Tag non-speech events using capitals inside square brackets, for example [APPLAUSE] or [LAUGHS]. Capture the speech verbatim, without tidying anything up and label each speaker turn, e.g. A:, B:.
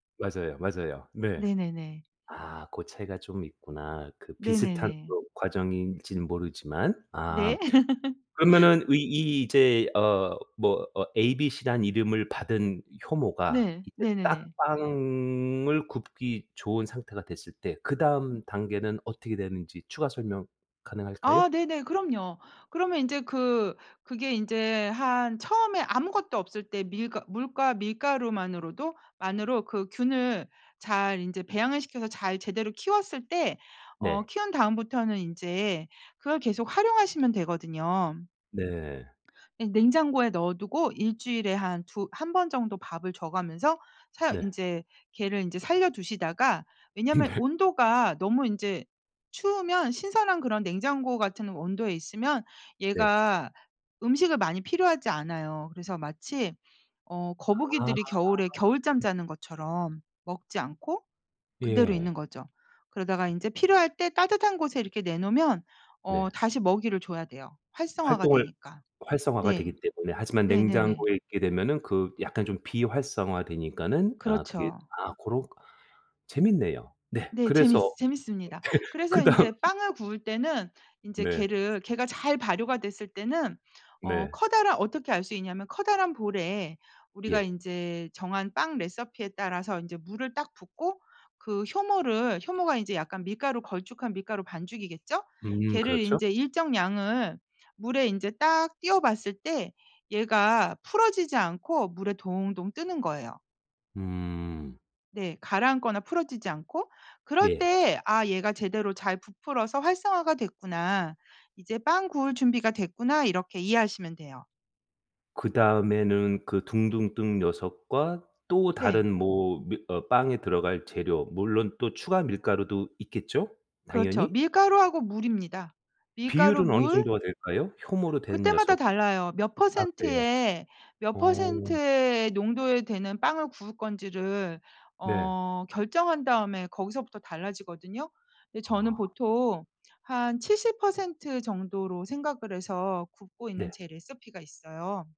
A: 맞아요, 맞아요. 네.
B: 네네네.
A: 아 고 차이가 좀 있구나. 그 비슷한
B: 네네네.
A: 또 과정인지는 모르지만. 아.
B: 네. [LAUGHS]
A: 그러면은 의 이 이제 어 뭐 어 ABC라는 이름을 받은 효모가
B: 네.
A: 이제 딱
B: 네네네.
A: 빵을 굽기 좋은 상태가 됐을 때 그 다음 단계는 어떻게 되는지 추가 설명 가능할까요?
B: 아 네네. 그럼요. 그러면 인제 그 그게 이제 한 처음에 아무것도 없을 때 밀과 물과 밀가루만으로도 만으로 그 균을 잘 인제 배양을 시켜서 잘 제대로 키웠을 때 어
A: 네.
B: 키운 다음부터는 인제 그걸 계속 활용하시면 되거든요.
A: 네.
B: 예. 냉장고에 넣어두고 일 주일에 한 두 한 번 정도 밥을 줘가면서 사
A: 네.
B: 인제 걔를 인제 살려 두시다가 왜냐하면
A: 네.
B: 온도가 너무 인제 추우면 신선한 그런 냉장고 같은 온도에 있으면
A: 네.
B: 얘가 음식을 많이 필요하지 않아요. 그래서 마치 어
A: 아.
B: 거북이들이 겨울에 겨울잠 자는 것처럼 먹지 않고 그대로
A: 예.
B: 있는 거죠. 그러다가 인제 필요할 때 따뜻한 곳에 이렇게 내놓으면 어
A: 네.
B: 다시 먹이를 줘야 돼요. 활성화가
A: 활동을
B: 되니까.
A: 활성화가 되기
B: 네.
A: 때문에 하지만
B: 네네네.
A: 냉장고에 있게 되면은 그 약간 좀 비활성화되니까는 아 그게
B: 그렇죠.
A: 아 고렇 재밌네요. 네
B: 네. 재밌
A: 그래서
B: 재밌습니다.
A: [LAUGHS]
B: 그래서
A: 그다음
B: 인제 빵을 구울 때는 인제
A: 네.
B: 걔를 걔가 잘 발효가 됐을 때는 어
A: 네.
B: 커다라 어떻게 알 수 있냐면 커다란 볼에 우리가
A: 예.
B: 인제 정한 빵 레시피에 따라서 인제 물을 딱 붓고 그 효모를 효모가 인제 약간 밀가루 걸쭉한 밀가루 반죽이겠죠?
A: 음
B: 걔를
A: 그렇죠.
B: 인제 일정량을 물에 인제 딱 띄어 봤을 때 얘가 풀어지지 않고 물에 동동 뜨는 거예요.
A: 음.
B: 네. 가라앉거나 풀어지지 않고. 그럴
A: 예.
B: 때 '아 얘가 제대로 잘 부풀어서 활성화가 됐구나. 이제 빵 구울 준비가 됐구나.' 이렇게 이해하시면 돼요.
A: 그다음에는 그 둥둥 뜬 녀석과 또
B: 네.
A: 다른 뭐 밀 어 빵에 들어갈 재료 물론 또 추가 밀가루도 있겠죠?
B: 그렇죠.
A: 당연히?
B: 밀가루하고 물입니다. 밀가루
A: 비율은 어느
B: 물
A: 정도가 될까요? 효모로 된
B: 그때마다
A: 녀석.
B: 달라요. 몇
A: 아 그래요?
B: 퍼센트의 몇
A: 어.
B: 퍼센트의 농도에 되는 빵을 구울 건지를
A: 네.
B: 어 결정한 다음에 거기서부터 달라지거든요. 근데 저는
A: 아.
B: 보통 한 칠십 퍼센트 정도로 생각을 해서 굽고 있는
A: 네.
B: 제 레시피가 있어요.